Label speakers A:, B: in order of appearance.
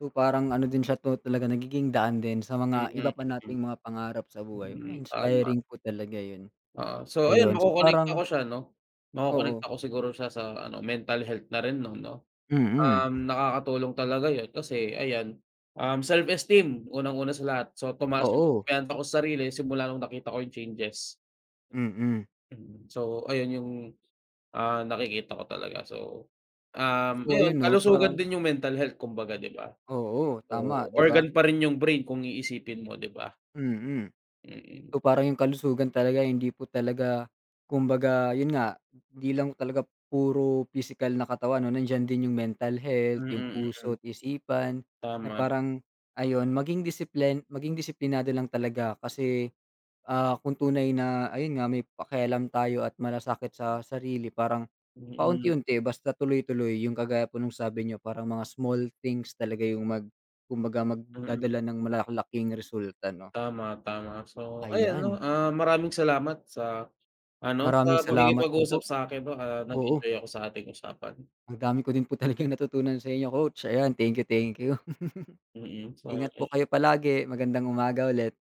A: So, parang ano din siya 'to talagang nagiging daan din sa mga
B: Mm,
A: iba pa
B: mm.
A: nating mga pangarap sa buhay.
B: Hmm,
A: Ah,
B: tama.
A: inspiring po talaga yun.
B: Ah, so ayun
A: Ayun. So,
B: makokonekta
A: parang
B: ko siya 'no,
A: Oo.
B: makokonekta ko siguro siya sa ano, mental health na rin 'no, 'no?
A: Mm.
B: Um, nakakatulong talaga yun kasi ayan, um, self-esteem unang-una sa lahat. So, tumaas yung
A: Oo.
B: kumpiyansa ko sa sarili simula nung nakita ko yung changes.
A: Mm.
B: Mm. So, ayun yung, ah, nakikita ko talaga. So, um,
A: So, ayun
B: ayun,
A: 'no,
B: kalusugan
A: parang
B: din yung mental health kumbaga, di ba?
A: Oo,
B: So,
A: tama, di ba?
B: organ pa rin yung brain kung iisipin mo, di ba?
A: Mm.
B: Mm.
A: So, parang yung kalusugan talaga hindi po talaga kumbaga, yun nga, di lang talaga puro pisikal na katawan 'no, nandiyan din yung mental health, yung
B: Mm, mm.
A: puso at isipan. Na
B: Tama.
A: parang ayun, maging disiplin maging disiplinado lang talaga kasi, ah, kung tunay na ayun nga, may pakialam tayo at masasakit sa sarili parang
B: Mm.
A: paunti-unti basta tuloy-tuloy. Yung kagaya po nung sabi niyo parang mga small things talaga yung mag kumbaga,
B: Mm.
A: magdadala ng malalaking resulta 'no.
B: Tama, tama. So ayun 'no,
A: Ayan.
B: ah, maraming salamat sa ano,
A: Maraming
B: sa
A: salamat din
B: pakikipag-usap
A: po.
B: sa akin 'no,
A: Oo.
B: nag-enjoy ako sa ating usapan.
A: Ang dami ko din po talagang natutunan sa inyo coach. Ayan, thank you, thank you.
B: Mm.
A: Ingat po
B: [unintelligible]
A: kayo palagi, magandang umaga ulit.